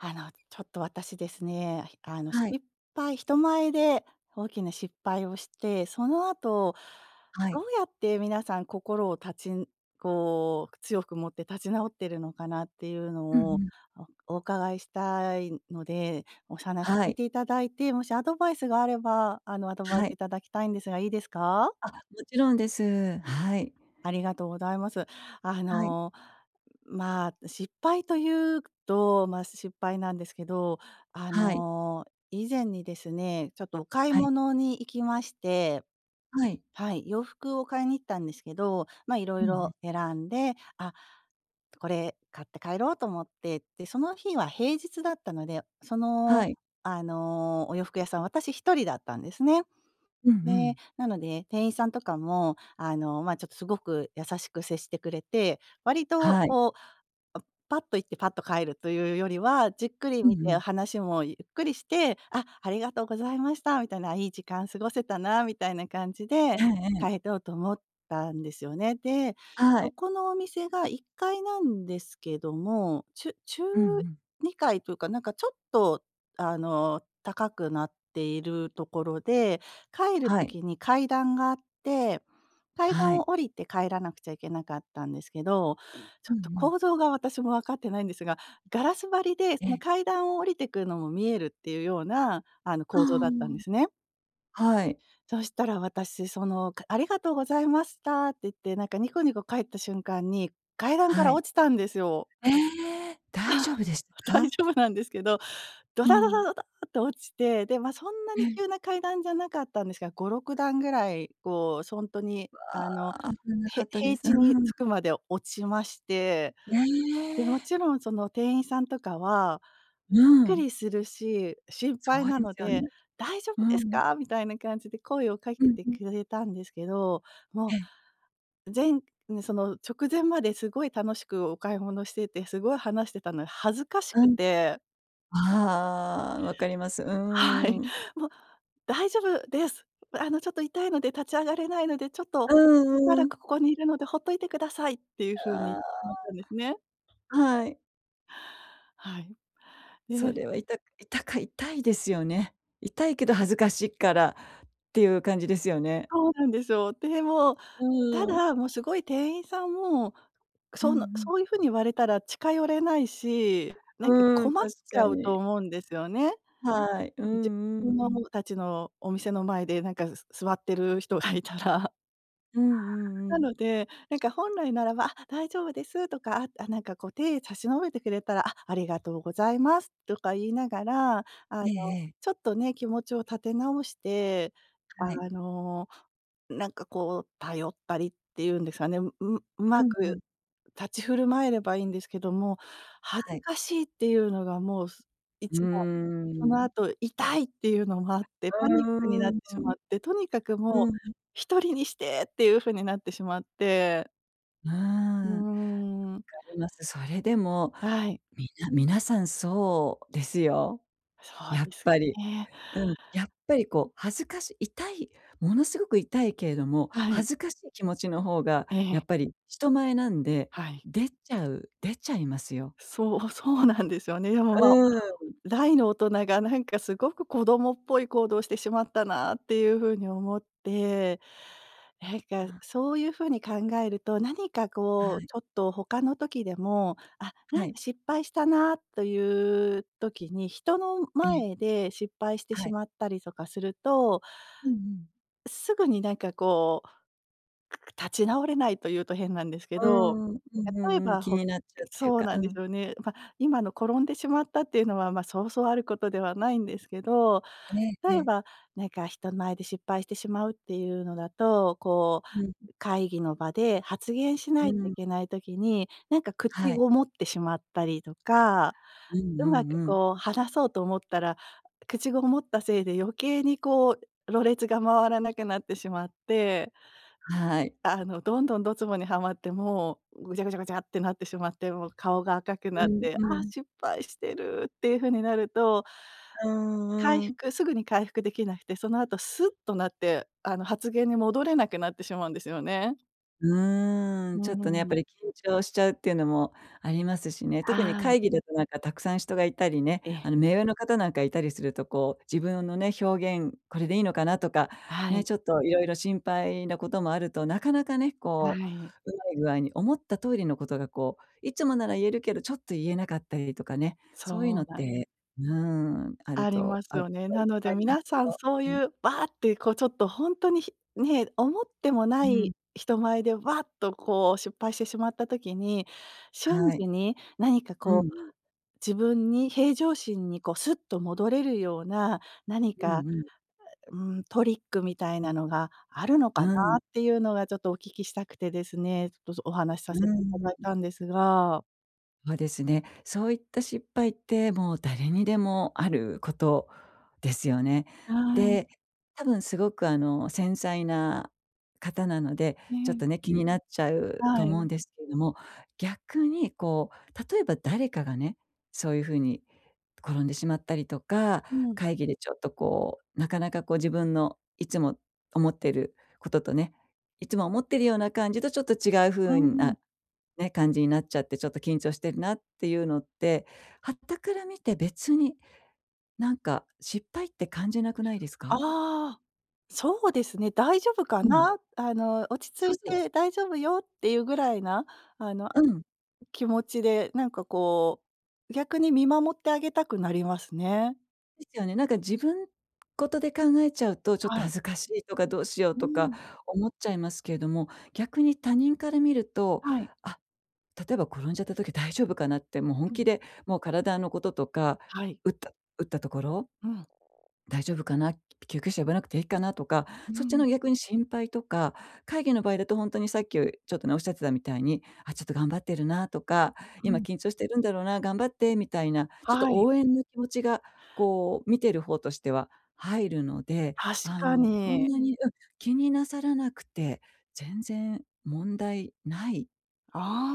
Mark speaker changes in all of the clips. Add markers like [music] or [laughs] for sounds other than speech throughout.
Speaker 1: あの、ちょっと私ですね、あの
Speaker 2: はい。
Speaker 1: 失敗人前で大きな失敗をして、その後
Speaker 2: は
Speaker 1: ど
Speaker 2: い。
Speaker 1: うやって皆さん心を立ちんこう、強く持って立ち直っているのかなっていうの
Speaker 2: うんう
Speaker 1: を
Speaker 2: ん。
Speaker 1: おお伺いしたいので、お話
Speaker 2: は
Speaker 1: 聞い
Speaker 2: い。
Speaker 1: ていただいて、もしアドバイスがあれば、あの、アドバイ
Speaker 2: は
Speaker 1: ス
Speaker 2: い。
Speaker 1: いただきたいんですがいいですか？
Speaker 2: あ、もちろんです、はい。
Speaker 1: ありがとうございます。あ
Speaker 2: はい。
Speaker 1: の、まあ、失敗というと、ま、失敗なんですけど、あ
Speaker 2: はい。
Speaker 1: の、以前にですね、ちょっとお買い
Speaker 2: はい。
Speaker 1: 物に行きまして。
Speaker 2: はい。
Speaker 1: はい、洋服を買いに行ったんですけど、ま、色
Speaker 2: うんうん。
Speaker 1: 々選んで「あ、これ買って帰ろう」と思って、で、その日は平日だったので、その、
Speaker 2: はい。
Speaker 1: あの、お洋服屋さん私一人だったんですね。
Speaker 2: うんう
Speaker 1: で、
Speaker 2: ん。
Speaker 1: なので、店員さんとかも、あの、ま、ちょっとすごく優しく接してくれて割と、
Speaker 2: はい。
Speaker 1: こう、おパッと行ってパッと帰るというよりは、じっくり
Speaker 2: う
Speaker 1: 見
Speaker 2: んう
Speaker 1: て
Speaker 2: ん。
Speaker 1: 話もゆっくりして、あ、ありがとうございました、みたいな、いい時間過ごせたなみたいな感じで
Speaker 2: ええええ。
Speaker 1: 帰ろうと思ったんですよね。で、
Speaker 2: は
Speaker 1: そ
Speaker 2: い。
Speaker 1: このお店が1階なんですけども、ちゅ中
Speaker 2: うんうん。
Speaker 1: 二階というかなんかちょっと、あの、高くなっているところで、帰る
Speaker 2: はい。
Speaker 1: 時に階段があって階
Speaker 2: は
Speaker 1: 段
Speaker 2: い。
Speaker 1: を降りて帰らなくちゃいけなかったんですけど、ちょ
Speaker 2: うん
Speaker 1: っ
Speaker 2: う
Speaker 1: と
Speaker 2: ん。
Speaker 1: 構造が私もわかってないんですが、ガラス張りで
Speaker 2: え
Speaker 1: その
Speaker 2: え。
Speaker 1: 階段を降りてくのも見えるっていうような、あの、
Speaker 2: あ
Speaker 1: 構造だったんですね。
Speaker 2: あ、はい。
Speaker 1: そしたら、私その、か「ありがとうございました」って言ってなんかニコニコ帰った瞬間に、階段か
Speaker 2: は
Speaker 1: ら
Speaker 2: い。
Speaker 1: 落ちたんですよ。
Speaker 2: ええ、大丈夫
Speaker 1: [laughs]
Speaker 2: でし
Speaker 1: 大
Speaker 2: か？
Speaker 1: 丈夫なんですけどド
Speaker 2: う
Speaker 1: タドタ
Speaker 2: ん。
Speaker 1: ドタ、と落ちて、で、ま、そんな
Speaker 2: え
Speaker 1: に
Speaker 2: え。
Speaker 1: 急な階段じゃなかったんですが、5、6段ぐらいこう、ほんとにあの、
Speaker 2: わあ、危なか
Speaker 1: へ
Speaker 2: ったで
Speaker 1: 平
Speaker 2: す。う
Speaker 1: 地に着
Speaker 2: ん。
Speaker 1: くまで落ちまして、
Speaker 2: え
Speaker 1: で、も
Speaker 2: え。
Speaker 1: ちろんその店員さんとかは
Speaker 2: う
Speaker 1: びっく
Speaker 2: ん。
Speaker 1: りするし、心
Speaker 2: そ
Speaker 1: 配
Speaker 2: う
Speaker 1: な
Speaker 2: で
Speaker 1: の
Speaker 2: すよ
Speaker 1: で
Speaker 2: ね。
Speaker 1: 「大丈夫で
Speaker 2: う
Speaker 1: す
Speaker 2: ん。
Speaker 1: か！？」みたいな感じで声をか
Speaker 2: う
Speaker 1: け
Speaker 2: ん、
Speaker 1: て
Speaker 2: うん。
Speaker 1: くれたんですけど、
Speaker 2: え
Speaker 1: も
Speaker 2: え。
Speaker 1: う、ぜんね、その直前まですごい楽しくお買い物しててすごい話してたので恥ずかし
Speaker 2: う
Speaker 1: く
Speaker 2: ん、
Speaker 1: て。
Speaker 2: ああ、わかります、う
Speaker 1: は
Speaker 2: ー
Speaker 1: い。
Speaker 2: ん。
Speaker 1: もう「大丈夫です、あの、ちょっと痛いので立ち上がれないので、ちょっと
Speaker 2: う
Speaker 1: しば
Speaker 2: んう
Speaker 1: らく
Speaker 2: ん
Speaker 1: ここにいるのでほっといてください」っていう風に
Speaker 2: あ
Speaker 1: 思ったんですね。
Speaker 2: あ、はい。
Speaker 1: はい、
Speaker 2: そ
Speaker 1: ね。
Speaker 2: れはいた痛か痛いですよね。痛いけど恥ずかしいから、っていう感じですよね？
Speaker 1: そうなんですよ。でも、
Speaker 2: う
Speaker 1: た
Speaker 2: ん。
Speaker 1: だ、もうすごい店員さんも、
Speaker 2: うんう
Speaker 1: その
Speaker 2: ん。
Speaker 1: そういう風に言われたら近寄れないし、なんか
Speaker 2: うーん、
Speaker 1: 困っ
Speaker 2: 確
Speaker 1: ち
Speaker 2: か
Speaker 1: ゃうと
Speaker 2: に。
Speaker 1: 思うんですよね。
Speaker 2: はい、う
Speaker 1: [unintelligible]
Speaker 2: んうんうん。
Speaker 1: たちのお店の前でなんかす座ってる人がいたら。
Speaker 2: うんうんう
Speaker 1: な
Speaker 2: ん。
Speaker 1: ので、なんか本来ならば「あ、大丈夫です」とか、あ、なんかこう手差し伸べてくれたら「あ、ありがとうございます」とか言いながら、あの、
Speaker 2: ええええ。
Speaker 1: ちょっとね気持ちを立て直して、
Speaker 2: はい。
Speaker 1: あの、なんかこう頼ったりっていうんですかね、うう上
Speaker 2: う
Speaker 1: 手
Speaker 2: んう
Speaker 1: く
Speaker 2: ん。
Speaker 1: 立ち振る舞えればいいんですけども、恥
Speaker 2: は
Speaker 1: ず
Speaker 2: い。
Speaker 1: かしいっていうのがもうす
Speaker 2: うー
Speaker 1: 一番、その
Speaker 2: ん。
Speaker 1: 後、「痛い！」っていうのもあって
Speaker 2: う
Speaker 1: パニックになっ
Speaker 2: ー
Speaker 1: て
Speaker 2: ん、う
Speaker 1: しま
Speaker 2: ん。
Speaker 1: って、とにかく
Speaker 2: う
Speaker 1: もう
Speaker 2: ん、ん。
Speaker 1: 一人にしてっていう風になってしまって。
Speaker 2: うー
Speaker 1: う
Speaker 2: ん。分か
Speaker 1: ーん。
Speaker 2: ります。それでも、
Speaker 1: はい。
Speaker 2: みな皆さんそうですよ。
Speaker 1: そ
Speaker 2: や
Speaker 1: う
Speaker 2: っ
Speaker 1: ですか
Speaker 2: ぱり。
Speaker 1: ね。
Speaker 2: うん、やっぱり、こう、恥ずかし痛い、ものすごく痛いけれども、
Speaker 1: はい。
Speaker 2: 恥ずかしい気持ちの方がや
Speaker 1: ええ。
Speaker 2: っぱり人前なんで、
Speaker 1: はい。
Speaker 2: 出ちゃう出ちゃいますよ。
Speaker 1: そう、そうなんですよね。でも、
Speaker 2: う
Speaker 1: ま、
Speaker 2: ーん。
Speaker 1: 大の大人がなんかすごく子供っぽい行動をしてしまったなっていう風に思って、なんか、そういう風に考えると、何か
Speaker 2: は
Speaker 1: こう、
Speaker 2: い。
Speaker 1: ちょっと他の時でも、あ、な
Speaker 2: は
Speaker 1: んか、
Speaker 2: い。
Speaker 1: 失敗したなという時に、人の
Speaker 2: ええ。
Speaker 1: 前で失敗して
Speaker 2: は
Speaker 1: し
Speaker 2: い。
Speaker 1: まったりとかすると
Speaker 2: うんうん。
Speaker 1: すぐに、なんか、こう、立ち直れないと言うと変なんですけど、
Speaker 2: うーん。うんう
Speaker 1: 例え
Speaker 2: んうん。
Speaker 1: ば、
Speaker 2: 気
Speaker 1: ほ
Speaker 2: になっちゃうっていう
Speaker 1: そう
Speaker 2: か、
Speaker 1: な
Speaker 2: う
Speaker 1: んです
Speaker 2: ん。
Speaker 1: よね。ま、今の転んでしまったっていうのは、ま、そうそうあることではないんですけど、
Speaker 2: えええ
Speaker 1: 例え
Speaker 2: え。
Speaker 1: ば、なんか、人前で失敗してしまうっていうのだと、こ
Speaker 2: うん。
Speaker 1: う、会議の場で発言し
Speaker 2: う
Speaker 1: ないとい
Speaker 2: ん。
Speaker 1: けない時に、なんか、口
Speaker 2: はい。
Speaker 1: ごもってしまったりとか、
Speaker 2: うん
Speaker 1: う
Speaker 2: う
Speaker 1: ま
Speaker 2: ん
Speaker 1: く、
Speaker 2: うん。
Speaker 1: こう、話そう e と思ったら、口ごもったせいで余計にこう、羅列が回らなくなってしまって。
Speaker 2: はい。
Speaker 1: あの、どんどんドツボにはまっても、ぐちゃぐちゃぐちゃってなってしまって、もう顔が赤くな
Speaker 2: う
Speaker 1: っ
Speaker 2: ん
Speaker 1: て、
Speaker 2: う
Speaker 1: あ、
Speaker 2: ん。
Speaker 1: 失敗してるっていう風になると、
Speaker 2: うー
Speaker 1: 回
Speaker 2: ん、うーん。
Speaker 1: 復すぐに回復できなくて、その後スッとなって、あの、発言に戻れなくなってしまうんですよね。
Speaker 2: うー
Speaker 1: う
Speaker 2: ん、ちょっとね、や
Speaker 1: ー
Speaker 2: っ
Speaker 1: ん。
Speaker 2: ぱり緊張しちゃうってのもありますしね。特に
Speaker 1: はい。
Speaker 2: 会議だとなんか沢山人がいたりね、
Speaker 1: え
Speaker 2: あ
Speaker 1: え。
Speaker 2: の、目上の方なんかいたりするとこう「自分のね、表現、これでいいのかな？」とか。
Speaker 1: は
Speaker 2: ね、
Speaker 1: い。
Speaker 2: ちょっといろいろ心配なこともあると、なかなかね、
Speaker 1: は
Speaker 2: こ
Speaker 1: い。
Speaker 2: う、うまい具合に思った通りのことがこう、いつもなら言えるけどちょっと言えなかったりとかね。そういうの
Speaker 1: そ
Speaker 2: っ
Speaker 1: うなん…
Speaker 2: て、うーん、あ
Speaker 1: あ
Speaker 2: る
Speaker 1: りま
Speaker 2: と
Speaker 1: す
Speaker 2: ある
Speaker 1: よね。
Speaker 2: 人はい
Speaker 1: な
Speaker 2: っ
Speaker 1: ので
Speaker 2: ぱいい
Speaker 1: 皆
Speaker 2: ます
Speaker 1: さん
Speaker 2: よ。
Speaker 1: そう
Speaker 2: うん。
Speaker 1: いう、ばあ！ってこうちょっと本当にひね、思ってもな
Speaker 2: う
Speaker 1: い
Speaker 2: ん。
Speaker 1: 人前でわっとこう失敗してしまった時に、瞬
Speaker 2: は
Speaker 1: 時
Speaker 2: い。
Speaker 1: に何か
Speaker 2: うんう
Speaker 1: こう、
Speaker 2: ん。
Speaker 1: 自分に平常心にこうスッと戻れるような、何
Speaker 2: う
Speaker 1: か
Speaker 2: んうん。
Speaker 1: うん、トリックみたいなのがあるのかな
Speaker 2: うん。
Speaker 1: っていうのがちょっとお聞きしたくてですね、ちょっとお話さ
Speaker 2: う
Speaker 1: せていた
Speaker 2: ー
Speaker 1: だい
Speaker 2: ん。
Speaker 1: たんですが。
Speaker 2: そうですね。そういった失敗って、もう誰にでもあること、ですよね。
Speaker 1: はい。
Speaker 2: で、多分すごくあの繊細な方なので、
Speaker 1: え
Speaker 2: ちょっ
Speaker 1: え。
Speaker 2: とね、気になっちゃう
Speaker 1: は
Speaker 2: と思う
Speaker 1: い。
Speaker 2: んですけれども。逆に、こう、例えば誰かがね、そういう風に、転んでしまったりとか、
Speaker 1: うん。
Speaker 2: 会議でちょっとこう、なかなかこう自分のいつも思ってることとねいつも思っているような感じとちょっと違う
Speaker 1: うー
Speaker 2: 風
Speaker 1: ん。
Speaker 2: な、ね、感じになっちゃって、ちょっと緊張してるなっていうのって、傍から見て別に、なんか、失敗って感じなくないですか？
Speaker 1: ああ。そうですね。「大丈夫か
Speaker 2: うん。
Speaker 1: な？あの、落ち着
Speaker 2: そう
Speaker 1: い
Speaker 2: そう。
Speaker 1: て大丈夫よ」っていうぐらいな、あの、
Speaker 2: うん。
Speaker 1: 気持ちでなんかこう、逆に見守ってあげたくなりますね。
Speaker 2: ですよね、なんか自分事で考えちゃうとちょっと
Speaker 1: はい。
Speaker 2: 恥ずかしいとかどうしよう
Speaker 1: うー
Speaker 2: とか
Speaker 1: ん。
Speaker 2: 思っちゃいますけれども、逆に他人から見ると、
Speaker 1: はい。
Speaker 2: あ、例えば、転んじゃった時大丈夫かなって、もう本
Speaker 1: うん。
Speaker 2: 気でもう体のこととか、
Speaker 1: はい。
Speaker 2: 打った打ったところ
Speaker 1: うん。
Speaker 2: 大丈夫かな？き救急車呼ばなくて平気かな？とか
Speaker 1: う
Speaker 2: そっちの
Speaker 1: ん。
Speaker 2: 逆に心配とか、会議の場合だとほんとにさっきちょっとね、おっしゃってたみたいに「あ、ちょっと頑張ってるな」とか
Speaker 1: う
Speaker 2: 「今
Speaker 1: ん。
Speaker 2: 緊張してるんだろうな。頑張って」みたいな、ちょっと
Speaker 1: はい。
Speaker 2: 応援の気持ちが、こう、見てる方としては入るので、
Speaker 1: 確
Speaker 2: あ
Speaker 1: か
Speaker 2: のそん
Speaker 1: に。
Speaker 2: なに、うん、気になさらなくて全然問題ない
Speaker 1: あ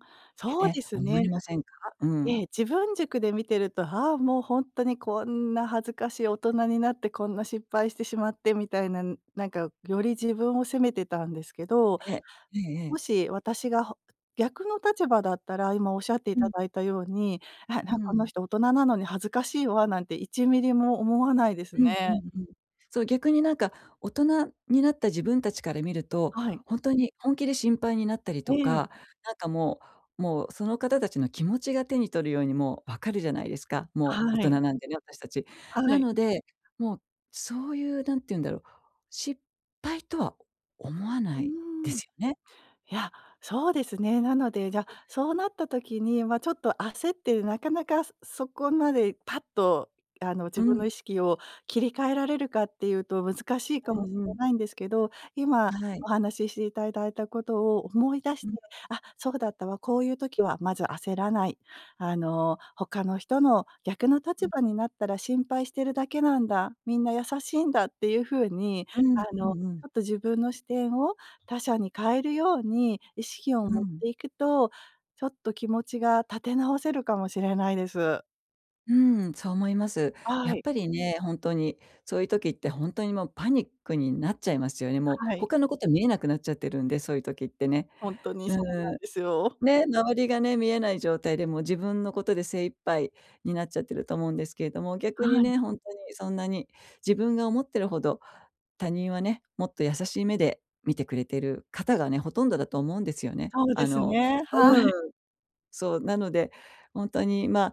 Speaker 1: あ、
Speaker 2: って
Speaker 1: そうで
Speaker 2: ね、
Speaker 1: す
Speaker 2: 思
Speaker 1: ね。
Speaker 2: いませんか？う
Speaker 1: ええ、
Speaker 2: ん。
Speaker 1: 自分軸で見てると、あ、もうほんとにこんな恥ずかしい大人になってこんな失敗してしまってみたいな、ん、なんかより自分を責めてたんですけど、
Speaker 2: え、ええええ。
Speaker 1: もし私がほ逆の立場だったら今おっしゃってい
Speaker 2: う
Speaker 1: た
Speaker 2: ん。
Speaker 1: だいたように「あ、なん
Speaker 2: う
Speaker 1: この
Speaker 2: ん。
Speaker 1: 人大人なのに恥ずかしいわ」なんて1ミリも思わないです
Speaker 2: うんう
Speaker 1: ね。
Speaker 2: んうん。そう、逆になんか大人になった自分たちから見ると、
Speaker 1: はい。
Speaker 2: ほんとに、本気で心配になったり
Speaker 1: え
Speaker 2: と
Speaker 1: え。
Speaker 2: か、なんかもうもうその方たちの気持ちが手に取るようにもう分かるじゃないですか。も
Speaker 1: は
Speaker 2: う大人
Speaker 1: い。
Speaker 2: なんでね、私たち。
Speaker 1: は
Speaker 2: な
Speaker 1: い。
Speaker 2: ので、もう、そういう、何て言うんだろう、失敗とは思わ
Speaker 1: う
Speaker 2: ないで
Speaker 1: ーん。
Speaker 2: すよね。
Speaker 1: いや、そうですね、なので、じゃ、そうなった時に、ま、ちょっと焦ってなかなかそそこまでパッとあの、自
Speaker 2: う
Speaker 1: 分
Speaker 2: ん。
Speaker 1: の意識を切り替えられるかっていうと難しいか
Speaker 2: う
Speaker 1: もし
Speaker 2: んう
Speaker 1: れ
Speaker 2: ん。
Speaker 1: ないんですけど、今、
Speaker 2: はい。
Speaker 1: お話ししていたいただいたことを思い出し
Speaker 2: う
Speaker 1: て
Speaker 2: ん。
Speaker 1: 「あ、そうだったわ。こういう時はまず焦らない」あの「他の人の逆の立
Speaker 2: うん。
Speaker 1: 場になったら心配してるだけなんだ。みんな優しいんだ」っていう風に、
Speaker 2: うーん、
Speaker 1: あ
Speaker 2: う
Speaker 1: のち
Speaker 2: んうん。
Speaker 1: ょっと自分の視点を他者に変えるように意識を
Speaker 2: う
Speaker 1: 持っ
Speaker 2: ん。
Speaker 1: ていくと、ちょっと気持ちが立て直せるかもしれないです。
Speaker 2: うん、そう思います。
Speaker 1: は
Speaker 2: やっ
Speaker 1: い。
Speaker 2: ぱりね、本当にそういう時って本当にもうパニックになっちゃいますよね、もう、
Speaker 1: はい。
Speaker 2: 他のこと見えなくなっちゃってるんでそういう時ってね。
Speaker 1: ほんとに
Speaker 2: う
Speaker 1: そうな
Speaker 2: ーん。
Speaker 1: んですよ。
Speaker 2: ね、周りがね見えない状態でもう自分のことで精一杯になっちゃってると思うんですけれども、逆に
Speaker 1: はい。
Speaker 2: ね、本当にそんなに自分が思ってるほど、他人はね、もっと優しい目で見てくれてる方がね、ほとんどだと思うんですよね。
Speaker 1: そう
Speaker 2: あ
Speaker 1: です
Speaker 2: の
Speaker 1: ねはい。
Speaker 2: うん。そう、なので、本当にま、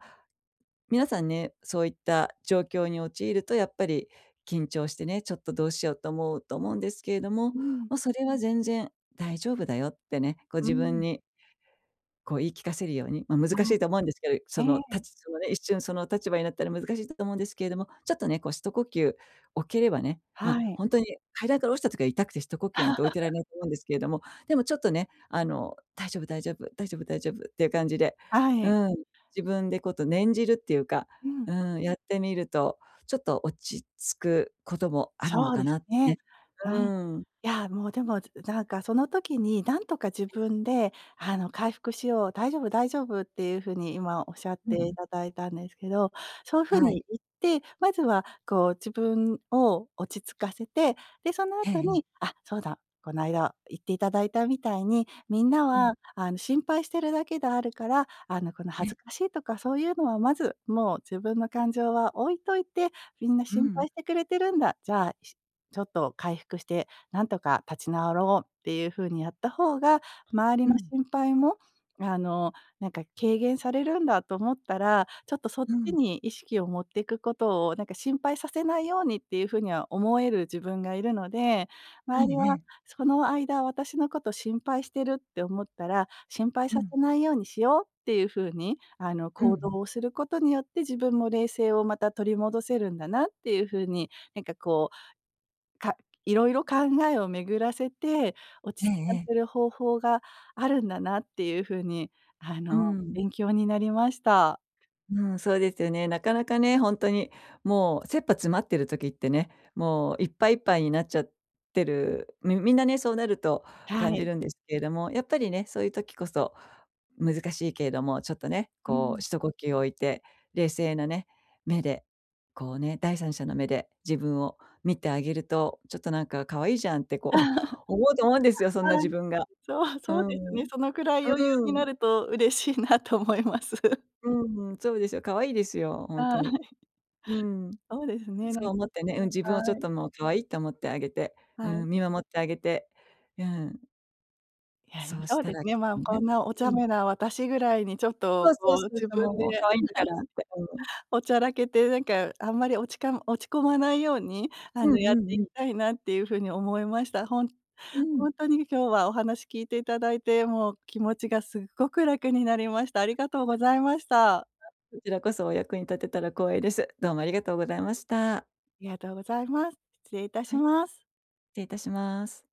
Speaker 2: 皆さんねそういった状況に陥るとやっぱり緊張してね「ちょっとどうしよう」と思うと思うんですけれども、
Speaker 1: うん。
Speaker 2: ま、それは全然「大丈夫だよ」ってね、こう
Speaker 1: う
Speaker 2: 自分
Speaker 1: ん。
Speaker 2: にこう言い聞かせるように、ま、難
Speaker 1: あ
Speaker 2: しいと思うんですけど、
Speaker 1: あ、え
Speaker 2: その
Speaker 1: え。
Speaker 2: 立ちそのね、一瞬、その立場になったら難しいんだと思うんですけれども、ちょっとね、こう、ひと呼吸置ければね、ま、
Speaker 1: はい。
Speaker 2: 本当に階段から落ちた時は痛くて、ひと呼吸なんて置いてられな
Speaker 1: [laughs]
Speaker 2: いと思うんですけれども、でもちょっとね、あの「大丈夫大丈夫」「大丈夫大丈夫」っていう感じで
Speaker 1: はい。
Speaker 2: うん、自分でこと念じるっていうか、
Speaker 1: うん。
Speaker 2: うん、やってみるとちょっと落ち着くこともあるの
Speaker 1: そう
Speaker 2: か
Speaker 1: です
Speaker 2: なって、
Speaker 1: ね。
Speaker 2: ね、
Speaker 1: う
Speaker 2: う
Speaker 1: ん、い
Speaker 2: ーん。
Speaker 1: やもうでも、ずなんかその時になんとか自分であの「回復しよう。大丈夫大丈夫」っていう風に今おっしゃっ
Speaker 2: うんう
Speaker 1: てい
Speaker 2: ん。
Speaker 1: ただいたんですけど、そういう風
Speaker 2: はい。
Speaker 1: に言って、まずは、こう自分を落ち着かせて、で、その
Speaker 2: ええ
Speaker 1: 後
Speaker 2: ええ。
Speaker 1: に、あ、そうだ。この間言っていただいたみたいに、みんな
Speaker 2: うん。
Speaker 1: は、あの、心配してるだけであるから、あの、この
Speaker 2: え
Speaker 1: 恥
Speaker 2: え。
Speaker 1: ずかしいとかそういうのをまず、もう自分の感情は置いといてみんな
Speaker 2: う
Speaker 1: 心
Speaker 2: ん。
Speaker 1: 配してくれてるんだ、じゃあ、しちょっと回復してなんとか立ち直ろうっていう風にやった方が周り
Speaker 2: う
Speaker 1: の
Speaker 2: ん。
Speaker 1: 心配も、あの、なんか軽減されるんだと思ったら、ちょっとそっ
Speaker 2: う
Speaker 1: ち
Speaker 2: ん。
Speaker 1: に意識を持っていくことをなんか、心配させないようにっていう風には思える自分がいるので、
Speaker 2: う
Speaker 1: 周り
Speaker 2: ん、え
Speaker 1: は
Speaker 2: え。
Speaker 1: その間私のこと心配してるって思ったら、心配
Speaker 2: う
Speaker 1: さ
Speaker 2: ん。
Speaker 1: せないようにしようっていう風に、あの
Speaker 2: うんう
Speaker 1: 行
Speaker 2: ん。
Speaker 1: 動をすることによって自分も冷静をまた取り戻せるんだなっていう風に、なんかこう、かいろいろ考えを巡らせて、落
Speaker 2: ええ
Speaker 1: ち着か
Speaker 2: ええ。
Speaker 1: せる方法があるんだなっていう風に、あ
Speaker 2: う
Speaker 1: の
Speaker 2: ん。
Speaker 1: 勉強になりました。
Speaker 2: うん、そうですよね。なかなかね本当に、もう切羽詰まってる時ってね、もういっぱいいっぱいになっちゃってる。みみんなね、そうなると
Speaker 1: は
Speaker 2: 感じ
Speaker 1: い。
Speaker 2: るんですけれども、やっぱりね、そういう時こそ難しいけれどもちょっとね、
Speaker 1: う
Speaker 2: こ
Speaker 1: ん。
Speaker 2: う、ひと呼吸を置いて冷静なね、目で、こうね、第三者の目で、自分を見てあげると、ちょっとなんか「可愛いじゃん」ってこ
Speaker 1: [laughs]
Speaker 2: う、思うと思うんですよそんな
Speaker 1: は
Speaker 2: 自
Speaker 1: い。
Speaker 2: 分が
Speaker 1: そう、
Speaker 2: う
Speaker 1: そうです
Speaker 2: ん、
Speaker 1: ね、そのくらい余裕
Speaker 2: う
Speaker 1: にな
Speaker 2: ん。
Speaker 1: ると嬉しいなと思います。
Speaker 2: うーん、そうですよ、可愛いですよ。本
Speaker 1: は
Speaker 2: 当
Speaker 1: い。
Speaker 2: に。うん、
Speaker 1: そうですね。なん
Speaker 2: そう思ってね。うん、自分をちょっ
Speaker 1: はい。
Speaker 2: ともう可愛いと思ってあげて、
Speaker 1: は
Speaker 2: う
Speaker 1: い。
Speaker 2: ん、見守ってあげて、うん。
Speaker 1: いや、い
Speaker 2: そうし
Speaker 1: そう
Speaker 2: た
Speaker 1: です
Speaker 2: ら、き
Speaker 1: ね。
Speaker 2: っ
Speaker 1: ま、
Speaker 2: と
Speaker 1: こ
Speaker 2: ね
Speaker 1: んなお茶
Speaker 2: うん。
Speaker 1: 目な私ぐらいに、ちょっ
Speaker 2: そ
Speaker 1: と
Speaker 2: うそ
Speaker 1: こ
Speaker 2: う
Speaker 1: う
Speaker 2: そう
Speaker 1: 自
Speaker 2: そう、
Speaker 1: 分
Speaker 2: もう
Speaker 1: で、はい。
Speaker 2: 可愛いんだからって、うん。
Speaker 1: おちゃらけて、なんかあんまりおちかん落ち込まないように、あ
Speaker 2: うん
Speaker 1: のやっ
Speaker 2: う
Speaker 1: てい
Speaker 2: んう
Speaker 1: き
Speaker 2: ん。
Speaker 1: たいなっていう風に思いました。ほん
Speaker 2: う
Speaker 1: ほ
Speaker 2: ん。
Speaker 1: んとに今日はお話聞いていただいて、もう気持ちがすっごく楽になりました。ありがとうございました。
Speaker 2: こちらこそお役に立てたら光栄です。どうもありがとうございました。
Speaker 1: ありがとうございます。失礼いたし
Speaker 2: はい、失
Speaker 1: ます。
Speaker 2: 礼いたします。